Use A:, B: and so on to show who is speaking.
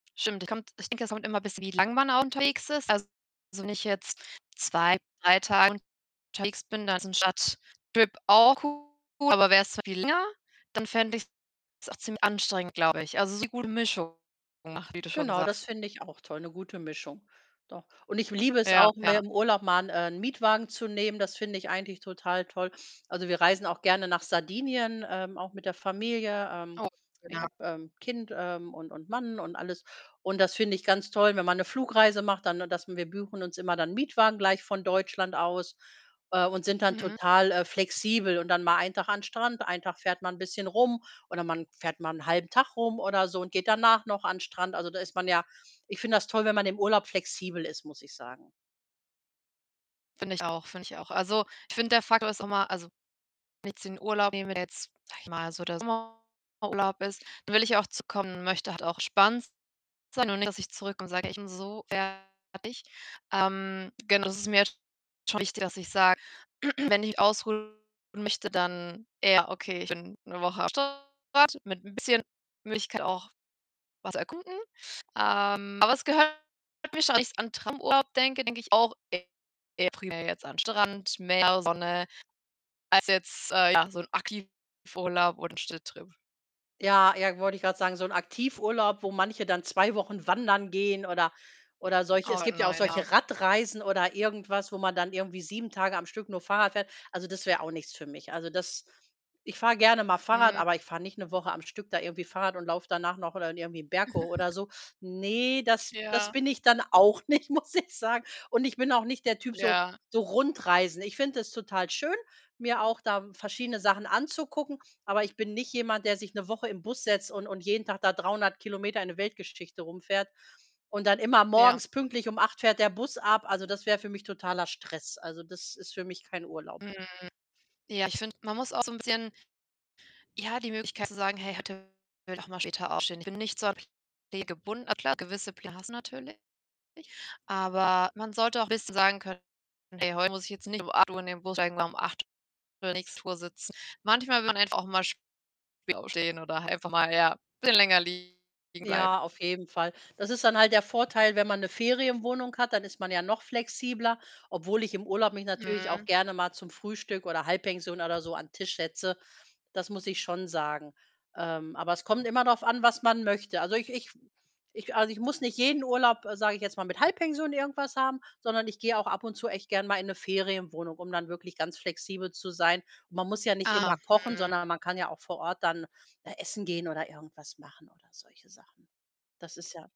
A: Stimmt, ich kommt ich denke, es kommt immer bisschen wie lang man auch unterwegs ist. Also, wenn ich jetzt 2, 3 Tage unterwegs bin, dann ist ein Stadttrip auch cool, aber wär's viel länger, dann fände ich's auch ziemlich anstrengend, glaube ich. Also, so gute Mischung [unintelligible] wie du schon
B: Genau, das
A: sagst.
B: finde ich auch toll, 'ne gute Mischung. Doch. Und ich liebe es
A: Ja,
B: auch, mir
A: ja.
B: im Urlaub mal 'n, äh, Mietwagen zu nehmen. Das finde ich eigentlich total toll. Also, wir reisen auch gerne nach Sardinien, ähm, auch mit der Familie. Ähm,
A: Oh,
B: ich
A: ja.
B: habe, ähm, Kind, ähm, und und Mann und alles. Und das finde ich ganz toll, wenn man 'ne Flugreise macht, dann das wir buchen uns immer dann Mietwagen gleich von Deutschland aus, äh, und sind dann
A: Mhm.
B: total, äh, flexibel, und dann mal ein Tag an Strand, ein Tag fährt man 'n bisschen rum oder man fährt mal 'n halben Tag rum oder so und geht danach noch an Strand. Also, da ist man ja ich finde das toll, wenn man im Urlaub flexibel ist, muss ich sagen.
A: Finde ich auch, finde ich auch. Also, ich finde, der Faktor ist immer also, wenn ich jetzt den Urlaub nehme, der jetzt, sage ich mal so der Sommerurlaub ist, dann will ich ja auch zurückkommen und möchte halt auch entspannt sein und nicht, dass ich zurückkomme und sage: „Ich bin so fertig.“ Ähm, genau das ist mir schon wichtig, dass ich sage, wenn ich ausruhen möchte, dann eher, okay, ich bin 'ne Woche am Strand mit 'n bisschen Möglichkeit auch was zu erkunden. Ähm, aber es gehört [unintelligible] wenn ich an Traumurlaub denke, denke ich auch eher primär jetzt an Strand, Meer, Sonne als jetzt, äh, ja, so 'n Aktivurlaub oder 'n Städtetrip.
B: Ja, ja, wollte ich grad sagen, so 'n Aktivurlaub, wo manche dann 2 Wochen wandern gehen oder oder solche es
A: Oh
B: gibt ja auch
A: nein, ja.
B: solche Radreisen oder irgendwas, wo man dann irgendwie 7 Tage am Stück nur Fahrrad fährt. Also, das wär auch nichts für mich. Also, das ich fahre gerne mal Fahrrad,
A: Mhm.
B: aber ich fahre nicht 'ne Woche am Stück da irgendwie Fahrrad und laufe danach noch oder irgendwie 'n Berg hoch oder so. Ne, das das
A: Ja.
B: bin ich dann auch nicht, muss ich sagen. Und ich bin auch nicht der Typ so
A: Ja.
B: so Rundreisen. Ich finde es total schön, mir auch da verschiedene Sachen anzugucken, aber ich bin nicht jemand, der sich 'ne Woche im Bus setzt und und jeden Tag da 300 Kilometer in 'ne Weltgeschichte rumfährt. Und dann immer
A: Ja.
B: morgens pünktlich um 8:00 fährt der Bus ab. Also, das wär für mich totaler Stress. Also, das ist für mich kein Urlaub.
A: Mhm, ja, ich finde, man muss auch so 'n bisschen ja, die Möglichkeit zu sagen: „Hey, heute will ich auch mal später aufstehen.“ Ich bin nicht so an Pläne gebunden. Klar, gewisse Pläne hast du natürlich, aber man sollte auch 'n bisschen sagen können: „Hey, heute muss ich jetzt nicht um 8:00 in den Bus steigen oder um 8:00 [unintelligible] der nächste Tour sitze." Manchmal will man einfach auch mal später aufstehen oder einfach mal, ja, bisschen länger liegen bleiben.
B: Ja, auf jeden Fall. Das ist dann halt der Vorteil, wenn man 'ne Ferienwohnung hat, dann ist man ja noch flexibler, obwohl ich im Urlaub mich natürlich auch
A: Mhm.
B: gerne mal zum Frühstück oder Halbpension oder so an Tisch setze. Das muss ich schon sagen. Ähm, aber es kommt immer drauf an, was man möchte. Also, ich ich ich also, ich muss nicht jeden Urlaub, sage ich jetzt mal, mit Halbpension irgendwas haben, sondern ich gehe auch ab und zu echt gern mal in 'ne Ferienwohnung, um dann wirklich ganz flexibel zu sein. Man muss ja nicht
A: Ah,
B: immer kochen,
A: mhm.
B: sondern man kann ja auch vor Ort dann, äh, essen gehen oder irgendwas machen oder solche Sachen. Das ist ja